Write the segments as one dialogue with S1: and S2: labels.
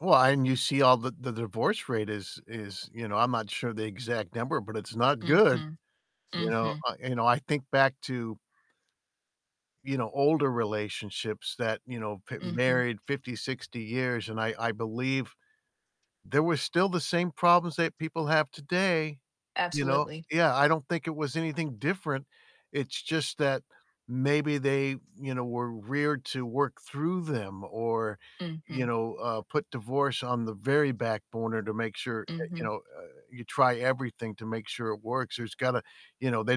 S1: Well, and you see all the the divorce rate is is you know, I'm not sure the exact number, but it's not good.
S2: Mhm.
S1: You know,
S2: Mhm.
S1: uh, you know, I think back to you know, older relationships that, you know, been
S2: Mhm.
S1: married 50, 60 years and I I believe there were still the same problems that people have today, you know?
S2: Absolutely.
S1: Yeah, I don't think it was anything different. It's just that maybe they, you know, were reared to work through them or, you
S2: Mhm.
S1: know, uh, put divorce on the very back burner to make sure, uh, you
S2: Mhm.
S1: know, uh, you try everything to make sure it works. There's gotta you know, they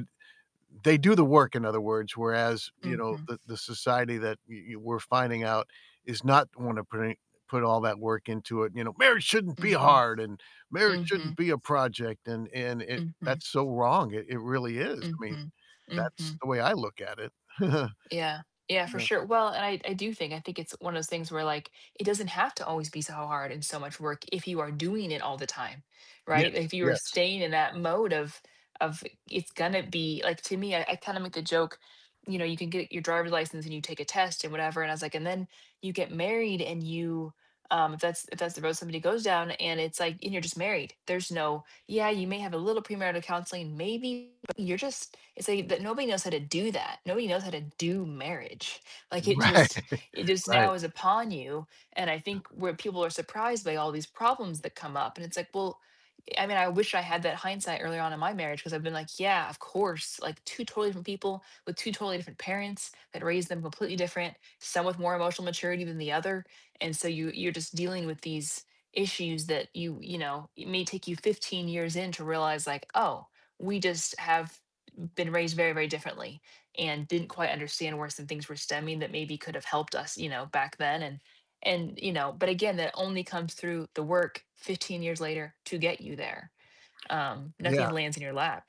S1: they do the work, in other words, whereas, you know,
S2: Mhm.
S1: the the society that we we're finding out is not wanna put any put all that work into it. You know, "Marriage shouldn't be
S2: Mhm.
S1: hard," and, "Marriage shouldn't
S2: Mhm.
S1: be a project," and and it
S2: Mhm.
S1: that's so wrong, it it really is. I mean,
S2: Mhm.
S1: that's
S2: Mhm.
S1: the way I look at it.
S2: Yeah. Yeah, for
S1: No.
S2: sure, well, and I I do think, I think it's one of those things where, like, it doesn't have to always be so hard and so much work if you are doing it all the time,
S1: Yes,
S2: right? If you are
S1: yes.
S2: staying in that mode of of it's gonna be like, to me, I I kind of make a joke, you know, you can get your driver's license and you take a test and whatever, and I was like, and then you get married and you, um, if that's if that's the road somebody goes down, and it's like, and you're just married. There's no, "Yeah, you may have a little premarital counseling maybe, but you're just" it's like that nobody knows how to do that. Nobody knows how to do marriage. Like, it
S1: Right.
S2: just it just
S1: Right.
S2: now is upon you, and I think where people are surprised by all these problems that come up, and it's like, well, I mean, I wish I had that hindsight earlier on in my marriage 'cause I've been like, "Yeah, of course, like 2 totally different people with 2 totally different parents that raised them completely different, some with more emotional maturity than the other." And so you you're just dealing with these issues that you you know, it may take you 15 years in to realize, like, "Oh, we just have been raised very, very differently and didn't quite understand where some things were stemming that maybe could have helped us, you know, back then," and and, you know, but again, that only comes through the work 15 years later to get you there. Um, nothing
S1: Yeah.
S2: lands in your lap.